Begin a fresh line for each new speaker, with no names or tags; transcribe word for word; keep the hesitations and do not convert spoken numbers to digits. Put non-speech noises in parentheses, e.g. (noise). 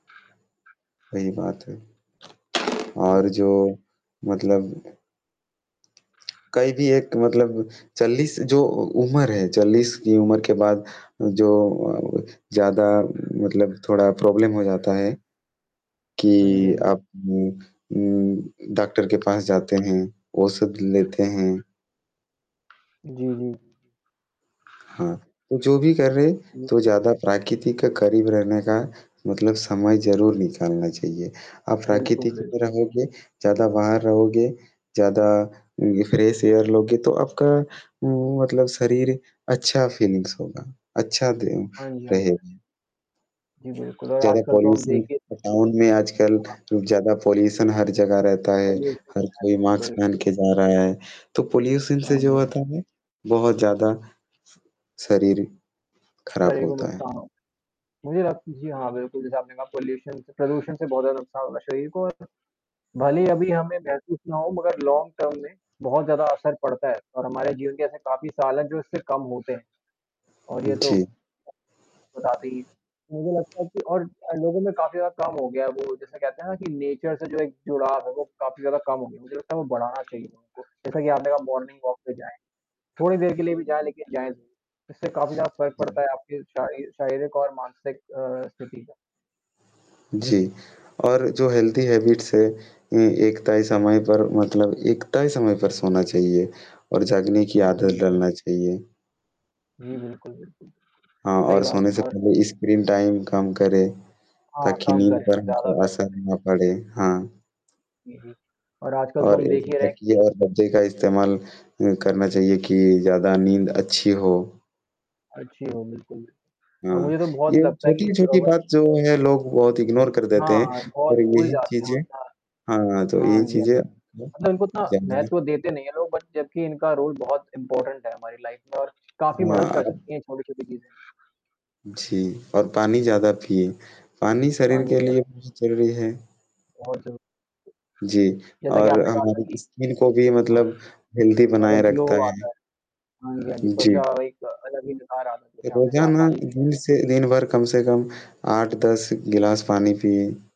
सही बात है। और
हुँ।
जो मतलब कई भी एक मतलब चालीस जो उ उम्र है चालीस की उम्र के बाद जो अ, ज़्यादा मतलब थोड़ा प्रॉब्लम हो जाता है,
हाँ जी,
कि
हाँ जी, हाँ।
आप उम उम, डॉक्टर के पास जाते हैं, औषधि लेते हैं।
जी, जी।
हाँ, तो जो भी कर रहे हैं,
जी।
तो ज़्यादा प्राकृतिक करीब रहने का मतलब समय ज़रूर निकालना चाहिए। आप प्राकृतिक
बिल्कुल, बिल
में रहोगे, ज़्यादा बाहर रहोगे, ज़्यादा ये फ्रेश एयर लोगे, तो आपका उम, मतलब शरीर अच्छा फ़ीलिंग्स होगा, अच्छा दिन
हाँ जी, हाँ जी।
रहेगा।
जी, बिल्कुल और
ज़्यादा
आजकल तो अब
पॉल्यूशन
देखिए
अ, गाँव में आजकल
हाँ।
ज़्यादा पॉल्यूशन हर जगह रहता है।
पॉल्यूशन
हर कोई
है
मास्क पहन
बिल्कुल।
के जा रहा है। तो पॉल्यूशन से
हाँ जी,
जो
हाँ।
होता है बहुत ज़्यादा, शरीर खराब
तकरीबन
होता है।
नुकसान होता है। मुझे लगता है जी हाँ, बिल्कुल जैसा आपने कहा पॉल्यूशन से प्रदूषण से, बहुत नुकसान होगा शरीर को। अत भले ही अभी हमें ये महसूस ना हों, मगर लॉन्ग टर्म में बहुत ज़्यादा असर पड़ता है और हमारे जीवन के ऐसे काफ़ी साल हैं जो इससे कम होते हैं। और ये तो
जी।
बताते ही हैं। मुझे लगता है कि और अ, लोगों में काफ़ी ज़्यादा कम हो गया है वो जैसे कहते हैं ना कि नेचर से जो एक जुड़ाव है वो काफ़ी ज़्यादा कम हो गया है। मुझे लगता है वो बढ़ाना चाहिए उनको जैसा कि आपने कहा मॉर्निंग वॉक पे जाएँ। थोड़ी देर के लिए भी जाएँ, लेकिन जाएँ ज़रूर, इससे काफ़ी ज़्यादा फ़र्क पड़ता है
हुँ।
आपकी शाय शरारिक और मानसिक अ, स्थिति जो है।
जी, और जो हेल्दी हैबिट्स हैं, ए एक तय समय पर मतलब एक तय समय पर सोना चाहिए और जागने की
जी,
आदत
जी।
डलना चाहिए।
जी, बिल्कुल, बिल्कुल।
हाँ,
सही
और
बात
सोने
है
से
और
पहले स्क्रीन टाइम कम करें,
हाँ,
ताकि
कम
नींद
करें,
पर
ज़्यादा
जो
बेहतर
असर
है।
ना पड़े, हाँ।
जी, जी। और आजकल तो
और
हम देख
ऐसे
ही रहे हैं कि
तकिए और गद्दे का इस्तेमाल अ, करना चाहिए कि ज़्यादा नींद अच्छी हो।
अच्छी हो बिल्कुल भी और
हाँ,
मुझे तो
ये
बहुत लगता है कि इस अ,
छोटी-छोटी
मत
बात जो है लोग बहुत इग्नोर कर देते
हाँ,
हैं
हाँ, बहुत
और
भूल
यही
जाते हैं
चीज़ें
होता
हाँ, तो
है। हाँ,
ये
जी, हाँ,
चीज़ें
जी, मतलब इनको इतना
(unintelligible)
महत्व देते नहीं है लोग बट जबकि इनका रोल बहुत इम्पोर्टेंट है हमारी लाइफ़ में और काफ़ी मदद
हाँ,
कर
अब
सकती हैं छोटी-छोटी चीज़ें।
जी, और पानी ज़्यादा पीएँ। पानी शरीर
पानी
के
में।
लिए बहुत ज़रूरी है।
बहुत सही।
जी,
जैसा कि
और
आपने कहा था
हमारे
कि
स्किन को भी
हाँ।
मतलब हेल्दी बनाए
अलग ग्लो
रखता
आता
है।
है। हाँ जी, हाँ जी। त्वचा
जी।
एक अलग ही निखार आता है त्वचा में जब आप
रोज़ाना
पानी पीते
दिन
हैं।
से दिन भर कम से कम आठ दस गिलास पानी पिएँ।